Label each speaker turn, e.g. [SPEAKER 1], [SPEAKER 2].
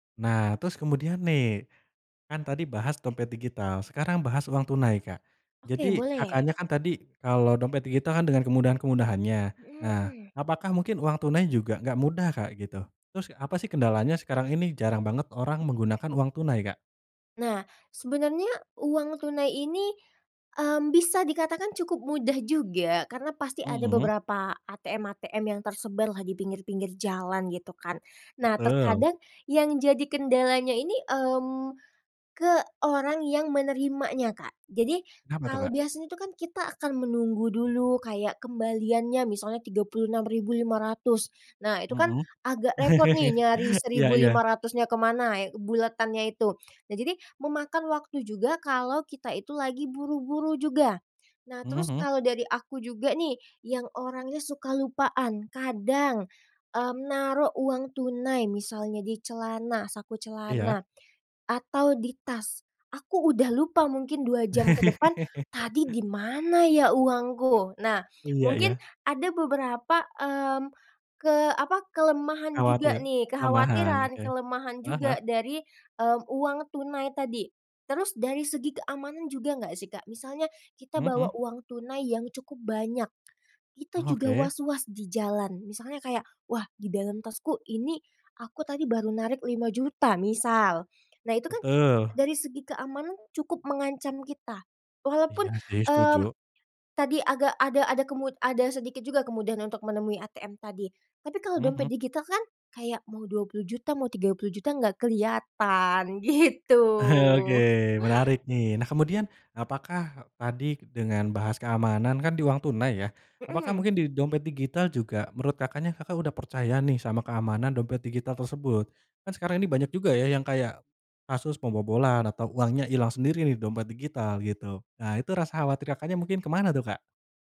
[SPEAKER 1] Nah, terus kemudian nih, kan tadi bahas dompet digital, sekarang bahas uang tunai, Kak.
[SPEAKER 2] Oke,
[SPEAKER 1] Jadi
[SPEAKER 2] boleh.
[SPEAKER 1] Kakaknya kan tadi kalau dompet digital kan dengan kemudahan-kemudahannya. Nah,
[SPEAKER 2] Mhm.
[SPEAKER 1] apakah mungkin uang tunai juga nggak mudah, Kak, gitu? Terus apa sih kendalanya sekarang ini jarang banget orang menggunakan uang tunai, Kak?
[SPEAKER 2] Nah, sebenarnya uang tunai ini, mmm, bisa dikatakan cukup mudah juga, karena pasti ada
[SPEAKER 1] Mhm.
[SPEAKER 2] beberapa ATM-ATM yang tersebar lah, di pinggir-pinggir jalan, gitu kan. Nah,
[SPEAKER 1] Betul.
[SPEAKER 2] terkadang yang jadi kendalanya ini, mmm, ke orang yang menerimanya, Kak. Jadi
[SPEAKER 1] Kenapa tuh,
[SPEAKER 2] kalau
[SPEAKER 1] Kak?
[SPEAKER 2] biasa itu kan kita akan menunggu dulu kayak kembaliannya, misalnya Rp36.500. Nah, itu kan
[SPEAKER 1] Mhm,
[SPEAKER 2] agak repot nih nyari
[SPEAKER 1] iya,
[SPEAKER 2] seribu lima
[SPEAKER 1] iya.
[SPEAKER 2] ratusnya ke mana, buletannya itu. Nah, jadi memakan waktu juga kalau kita itu lagi buru-buru juga. Nah,
[SPEAKER 1] Mhm
[SPEAKER 2] terus
[SPEAKER 1] mhm.
[SPEAKER 2] kalau dari aku juga nih, yang orangnya suka lupaan, kadang, mmm, naruh uang tunai misalnya di celana, saku
[SPEAKER 1] Iya.
[SPEAKER 2] celana, atau di tas, aku udah lupa mungkin 2 jam ke depan, "Tadi di mana ya uangku?" Nah,
[SPEAKER 1] Iya
[SPEAKER 2] mungkin
[SPEAKER 1] iya.
[SPEAKER 2] ada beberapa, mmm, ke apa, kelemahan juga
[SPEAKER 1] Khawatir,
[SPEAKER 2] nih,
[SPEAKER 1] lemahan,
[SPEAKER 2] kekhawatiran,
[SPEAKER 1] oke.
[SPEAKER 2] kelemahan
[SPEAKER 1] Heeh heeh?
[SPEAKER 2] juga dari uang tunai tadi. Terus dari segi keamanan juga nggak sih, Kak? Misalnya kita
[SPEAKER 1] Mhm
[SPEAKER 2] bawa
[SPEAKER 1] mhm.
[SPEAKER 2] uang tunai yang cukup banyak, kita juga
[SPEAKER 1] Oke.
[SPEAKER 2] waswas di jalan. Misalnya kayak, "Wah, di dalam tasku ini aku tadi baru narik Rp5.000.000", misal. Nah, itu kan
[SPEAKER 1] Betul.
[SPEAKER 2] dari segi keamanan cukup mengancam kita, walaupun,
[SPEAKER 1] Iya sih,
[SPEAKER 2] mmm,
[SPEAKER 1] setuju.
[SPEAKER 2] tadi agak ada ada kemud ada sedikit juga kemudahan untuk menemui ATM tadi. Tapi kalau
[SPEAKER 1] Mhm
[SPEAKER 2] dompet
[SPEAKER 1] mhm.
[SPEAKER 2] digital kan kayak mau Rp20.000.000, mau Rp30.000.000, enggak kelihatan, gitu.
[SPEAKER 1] Oke, menarik nih. Nah, kemudian, apakah tadi dengan bahas keamanan kan di uang tunai, ya, apakah
[SPEAKER 2] Mhm.
[SPEAKER 1] mungkin di dompet digital juga, menurut Kakaknya, Kakak udah percaya nih, sama keamanan dompet digital tersebut? Kan sekarang ini banyak juga, ya, yang kayak kasus pembobolan atau uangnya hilang sendiri di dompet digital, gitu. Nah, itu rasa khawatir Kakaknya mungkin ke mana tuh, Kak?